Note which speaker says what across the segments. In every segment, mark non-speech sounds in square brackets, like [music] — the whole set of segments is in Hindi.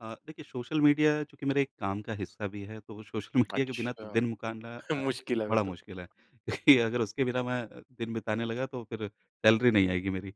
Speaker 1: अ, देखिए सोशल मीडिया चूँकि मेरा एक काम का हिस्सा भी है, तो सोशल मीडिया के बिना तो
Speaker 2: अच्छा।
Speaker 1: दिन मुकारना
Speaker 2: [chuckles]
Speaker 1: अ,
Speaker 2: मुश्किल है फिर
Speaker 1: बड़ा
Speaker 2: तो।
Speaker 1: मुश्किल है, क्योंकि अगर उसके बिना मैं अ, दिन बिताने लगा तो फिर सैलरी नहीं आएगी मेरी।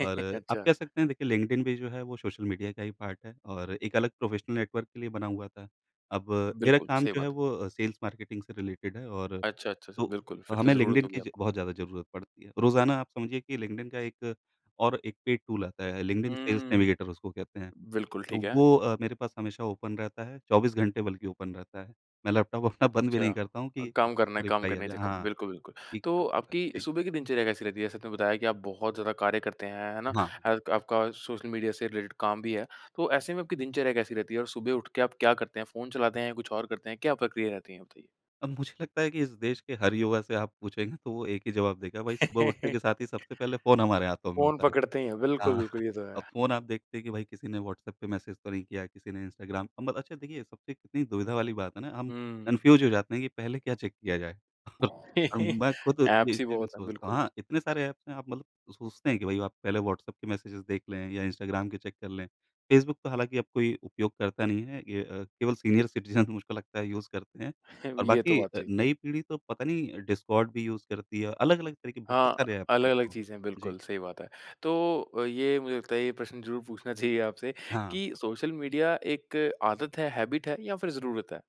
Speaker 1: और आप
Speaker 2: अच्छा।
Speaker 1: कह सकते हैं देखिए लिंक्डइन भी जो है वो सोशल मीडिया का ही पार्ट है और एक अलग प्रोफ़ेशनल नेटवर्क के लिए बना हुआ था। अब मेरा
Speaker 2: बिल्कुल,
Speaker 1: काम
Speaker 2: सही
Speaker 1: जो है
Speaker 2: बात है।
Speaker 1: वो सेल्स मार्केटिंग से रिलेटेड है और
Speaker 2: अच्छा, अच्छा, अच्छा।
Speaker 1: तो
Speaker 2: बिल्कुल, फिर तो
Speaker 1: हमें
Speaker 2: ज़रूरत
Speaker 1: लिंक्डइन
Speaker 2: होगी
Speaker 1: की ज
Speaker 2: आपको।
Speaker 1: बहुत ज़्यादा ज़रूरत पड़ती है। रोजाना आप समझिए कि लिंक्डइन का एक और एक पेड टूल आता है, लिंक्डइन सेल्स
Speaker 2: हुँ।
Speaker 1: नेविगेटर उसको कहते हैं,
Speaker 2: बिल्कुल, ठीक
Speaker 1: तो
Speaker 2: है।
Speaker 1: वो अ, मेरे पास हमेशा ओपन रहता है, 24 घंटे बल्कि ओपन रहता है। मैं लैपटॉप अपना बंद भी
Speaker 2: अच्छा।
Speaker 1: नहीं करता हूँ
Speaker 2: अ,
Speaker 1: कि कब
Speaker 2: काम करना है
Speaker 1: किसका
Speaker 2: काम
Speaker 1: रिप्लाई आ
Speaker 2: करने के चक्कर में।
Speaker 1: जाए,।हाँ,
Speaker 2: बिल्कुल, बिल्कुल।
Speaker 1: कि
Speaker 2: तो
Speaker 1: [unintelligible]
Speaker 2: आपकी
Speaker 1: जी।
Speaker 2: सुबह की दिनचर्या कैसी रहती है? जैसे आपने बताया कि आप बहुत ज़्यादा कार्य करते हैं, है ना?
Speaker 1: अहाँ।
Speaker 2: हे आपका सोशल मीडिया से रिलेटेड काम भी है। तो ऐसे में आपकी दिनचर्या कैसी रहती है और सुबह उठ के आप क्या करते हैं? फ़ोन चलाते हैं या कुछ और करते हैं? क्या प्रक्रिया रहती है आपकी?
Speaker 1: अब मुझे लगता है कि इस देश के हर युवा से आप पूछेंगे तो वो एक ही जवाब देगा, वही सुबह उठते
Speaker 2: [laughs]
Speaker 1: के साथ ही सबसे पहले फ़ोन हमारे हाथों में
Speaker 2: फ़ोन
Speaker 1: होता है।
Speaker 2: पकड़ते ही हैं। बिल्कुल,
Speaker 1: हाँ,
Speaker 2: बिल्कुल।
Speaker 1: [chuckles]
Speaker 2: ये तो
Speaker 1: अब
Speaker 2: है।
Speaker 1: फ़ोन आप देखते हैं कि भाई किसी ने व्हाट्सएप पे मैसेज तो नहीं किया, किसी ने इंस्टाग्राम अ, मत अच्छा देखिए, सबसे कितनी दुविधा वाली बात है ना, हम
Speaker 2: हुँ।
Speaker 1: कन्फ्यूज़ हो जाते हैं कि पहले क्या चेक किया जाए? [chuckles] और अ,
Speaker 2: [laughs]
Speaker 1: मैं खुद ये
Speaker 2: ऐप्स ही
Speaker 1: इसलिए भी
Speaker 2: बहुत हैं।
Speaker 1: सोचता हूँ
Speaker 2: बिल्कुल।
Speaker 1: हाँ, इतने सारे ऐप्स हैं, आप मतलब सोचते हैं कि भाई आप पहले व्हाट्सएप के मेसेज़ देख लें या इंस्टाग्राम के चेक कर लें। फेसबुक तो हालाँकि अब कोई उपयोग करता नहीं है। ये अ, केवल सीनियर सिटीजन [chuckles] मुझको लगता है यूज़ करते हैं
Speaker 2: [chuckles]
Speaker 1: और
Speaker 2: ये तो
Speaker 1: बाकी
Speaker 2: बात
Speaker 1: अ,
Speaker 2: सही है।
Speaker 1: नई पीढ़ी तो पता नहीं डिस्कॉर्ड भी यूज़ करती है, अलग-अलग तरीके बहुत
Speaker 2: हाँ,
Speaker 1: सारे ऐप्स हैं।
Speaker 2: अलग-अलग
Speaker 1: हाँ,
Speaker 2: चीज़ें हैं।
Speaker 1: जी।
Speaker 2: बिल्कुल, सही बात है। तो ये मुझे लगता है, ये प्रश्न ज़रूर पूछना चाहिए आपसे
Speaker 1: हाँ।
Speaker 2: कि सोशल मीडिया एक आदत है, हैबिट है या फिर ज़रूरत है?